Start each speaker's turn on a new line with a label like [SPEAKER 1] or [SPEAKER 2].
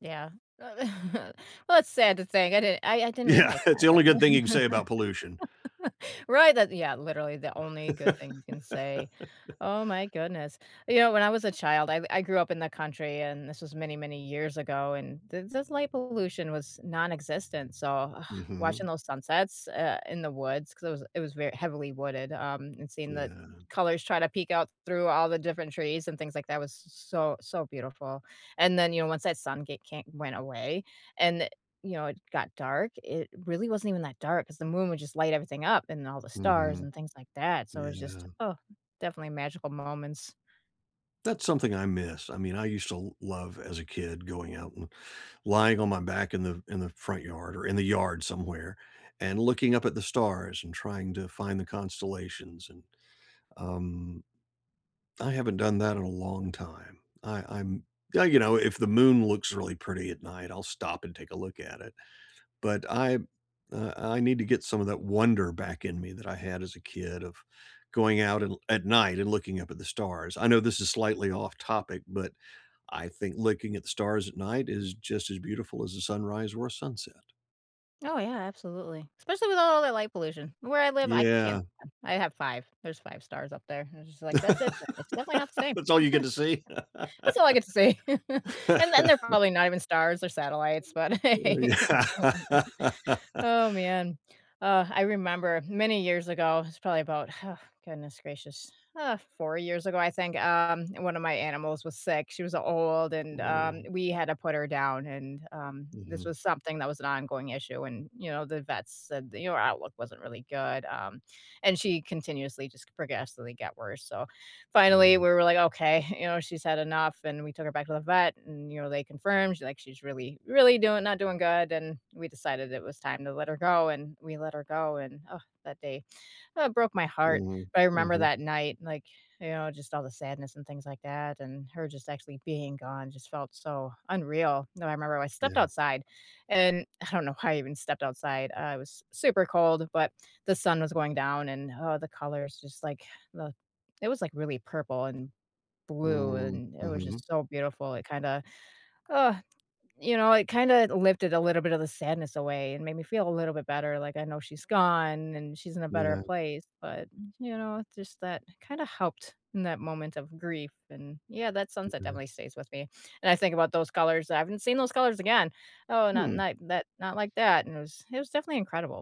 [SPEAKER 1] Yeah, well, it's sad to think, I didn't I I didn't
[SPEAKER 2] Yeah,
[SPEAKER 1] realize
[SPEAKER 2] it's
[SPEAKER 1] that,
[SPEAKER 2] the only good thing you can say
[SPEAKER 1] but
[SPEAKER 2] about pollution.
[SPEAKER 1] right, that yeah literally, the only good thing you can say. Oh my goodness. You know, when I was a child I I grew up in the country, and this was many, many years ago, and th this light pollution was nonexistent, so, ugh,
[SPEAKER 2] Mhm.
[SPEAKER 1] watching those sunsets eh in the woods 'cause it it was very heavily wooded, um, and seeing the
[SPEAKER 2] Yeah.
[SPEAKER 1] colors try to peek out through all the different trees and things like that was s so so, beautiful and then, you know, once that sun get can't went away and, you know, it got dark, it really wasn't even that dark 'cause the moon would just light everything up and all the stars
[SPEAKER 2] Mhm.
[SPEAKER 1] and things like that. So, it just,
[SPEAKER 2] Yeah.
[SPEAKER 1] uh, definitely magical moments.
[SPEAKER 2] That's something I miss, I mean, I used to l love as a kid going out and lying on my back in the in the front yard or in the yard somewhere and looking up at the stars and trying to find the constellations, and, um I haven't done that in a long time. I I'm yeah, you know if the moon looks really pretty at night, I'll stop and take a look at it. But I uh, I need to get some of that wonder back in me that I had as a kid of going out and l at night and looking up at the stars, I know this is slightly off topic, but I think looking at the stars at night is just as beautiful as a sunrise or a sunset.
[SPEAKER 1] Oh, yeah, absolutely. Especially with all all that light pollution. Where I live I can't
[SPEAKER 2] Yeah.
[SPEAKER 1] I have 5, there's 5 stars up there, I was just, like, "That's it, uh, it's definitely not the same."
[SPEAKER 2] That's all you get to see.
[SPEAKER 1] That's all I get to see, and and they're probably not even stars or satellites, but
[SPEAKER 2] Oh,
[SPEAKER 1] hey, oh, man
[SPEAKER 2] yeah.
[SPEAKER 1] oh, man. Ah, I remember many years ago, it was probably about, huh, goodness gracious, ah, 4 years ago, I think, um, and one of my animals was sick, she was old, and, um,
[SPEAKER 2] Woah.
[SPEAKER 1] we had to put her down, and, um, this
[SPEAKER 2] Mhm.
[SPEAKER 1] was something that was an ongoing issue and, you know, the vets said, the you know, her outlook wasn't really good, um, and she continuously just progressively got worse. So, finally,
[SPEAKER 2] Yeah.
[SPEAKER 1] we were, like, okay, you know, she's had enough, and we took her back to the vet, and, you know, they confirmed, she's, like, she's really, really doing not doing good, and we decided it was time to let her go, and we let her go, and ugh, that day, oh, broke my heart,
[SPEAKER 2] Mhm,
[SPEAKER 1] but I remember
[SPEAKER 2] mhm.
[SPEAKER 1] that night, like, you know, just all the sadness and things like that, and her just actually being gone just felt so unreal. Now, I remember I
[SPEAKER 2] Yeah.
[SPEAKER 1] stepped outside, and I don't know why I even stepped outside, I was s super cold, but the sun was going down, and, huh, the colors just like the it was like really purple and blue,
[SPEAKER 2] Mm,
[SPEAKER 1] and it was
[SPEAKER 2] mhm.
[SPEAKER 1] just so beautiful, it kinda, ah, you know, it kinda lifted a little bit of the sadness away and made me feel a little bit better, like, I know she's gone, and she's in a better
[SPEAKER 2] Yeah.
[SPEAKER 1] place, but, m you know, just that kinda helped in that moment of grief and yeah, that sunset
[SPEAKER 2] Ok.
[SPEAKER 1] definitely stays with me and I think about those colors, I haven't seen those colors again. Oh, not
[SPEAKER 2] Hmm.
[SPEAKER 1] not that not like that and it was it was definitely incredible.